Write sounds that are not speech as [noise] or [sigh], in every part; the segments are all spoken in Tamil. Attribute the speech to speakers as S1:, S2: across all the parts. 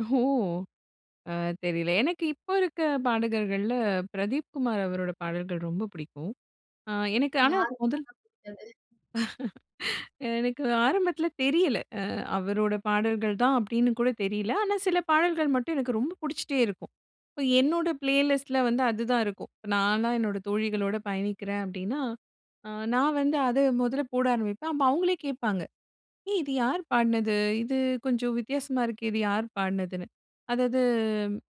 S1: ஓ! அ, தெரில. எனக்கு இப்ப இருக்க பாடகர்கள்ல பிரதீப் குமார் அவரோட பாடல்கள் ரொம்ப புடிக்கும். அ எனக்கு, ஆனா
S2: யாருக்கு
S1: மொதல்
S2: தாங்க புடிக்காது.
S1: [chuckles] எனக்கு ஆரம்பத்துல தெரியல. அ, அவரோட பாடல்கள்தான் அப்டின்னு கூட தெரில. ஆனா, சில பாடல்கள் மட்டும் எனக்கு ரொம்ப புடிச்சிட்டே இருக்கும். இப்ப என்னோட பிளேலிஸ்ட்ல வந்து அதுதான் இருக்கும். இப்ப நான்லாம் என்னோட தோழிகளோட பயணிக்கிறேன் அப்டின்னா, அ நான் வந்து அத மொல்ல போட ஆரம்பிப்பேன். அப்ப அவுங்களே கேப்பாங்க. ஏய், இது யாரு பாடுனது? இது கொஞ்சம் வித்தியாசமா இருக்கே, இது யாரு பாடுனதுன்னு. அதாவது,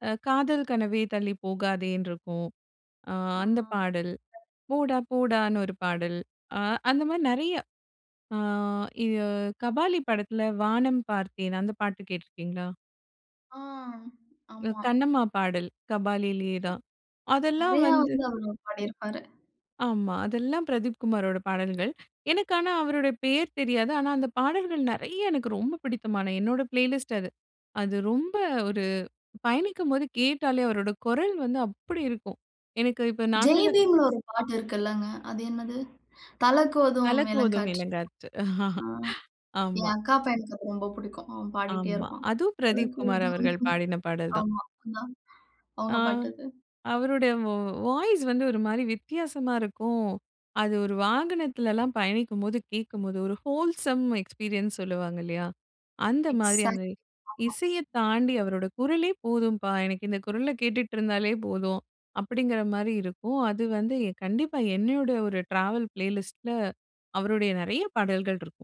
S1: அ, "காதல் கனவே தள்ளிப் போகாதேனுட்டு" இருக்கும், அ,
S2: ஆ. ஆ.
S1: அந்தப் பாடல். "போடா போடான்னு" ஒரு பாடல். அ, அந்த மாரி நெறைய. ஆ. இது கபாலி படத்தில "வானம் பார்த்தேன்" அந்த பாட்டு கேட்டு இருக்கீங்களா?
S2: ஆ.
S1: அ,
S2: ஆமா.
S1: "கண்ணம்மா" பாடல் கபாலிலேயே தான். அதெல்லாம்
S2: நெறைய
S1: வந்து
S2: வந்து, அவரு பாடியிருப்பாரு.
S1: ஆமா. அதெல்லாம் பிரதீப் குமாரோட பாடல்கள். எனக்கு ஆனா அவருடைய பெயர் தெரியாது. ஆனா, அந்த பாடல்கள் நெறைய எனக்கு ரொம்ப பிடித்தமான, என்னோட பிளேலிஸ்ட் அது. அது ரொம்ப ஒரு பயணிக்கும்போது கேட்டாலே அவருடைய குரல் வந்து அப்டி இருக்கும். எனக்கு இப்போது 4
S2: ஜெய்
S1: சக்கர.
S2: பீம்ல ஒரு பாட்டு இருக்கு இல்லங்க. அது என்னது "தலகோதும்
S1: தலகோதும்
S2: வேளங்காற்று"
S1: இளங்காத்து. [chuckles]
S2: ஆ. என்
S1: ஆமா.
S2: அக்கா பயனுக்கு அது ரொம்ப புடிக்கும். அவன் பாடிகிட்டே
S1: ஆமா.
S2: இருப்பான்.
S1: அதும் பிரதீப் குமார்
S2: தலகோதும்,
S1: அவர்கள் பாடின பாடல் தான்.
S2: ஆமா. [unintelligible]
S1: ஆ,
S2: அவுங்க பாட்டுக்கு
S1: அவரோட, வா வாய்ஸ் வந்து ஒரு மாரி வித்தியாசமா இருக்கும். அது ஒரு வாகனத்துல்லாம் பயணிக்கும்போது கேக்கும்போது ஒரு ஹோல்சம் எக்ஸ்பீரியன்ஸ் சொல்லுவாங்க. இல்லையா? அந்த மாரி அந்த
S2: எக்ஸாக்ட்லி ஆமா.
S1: இசையத் தாண்டி அவரோட குரலே போதும்பா. எனக்கு இந்த குரல கேட்டுட்டு இருந்தாலே போதும், அப்டிங்கிற மாரி இருக்கும். அது வந்து கண்டிப்பா என்னையோட ஒரு ட்ராவல் ப்ளேலிஸ்ட்டில அவருடைய நெறைய பாடல்கள் இருக்கும்.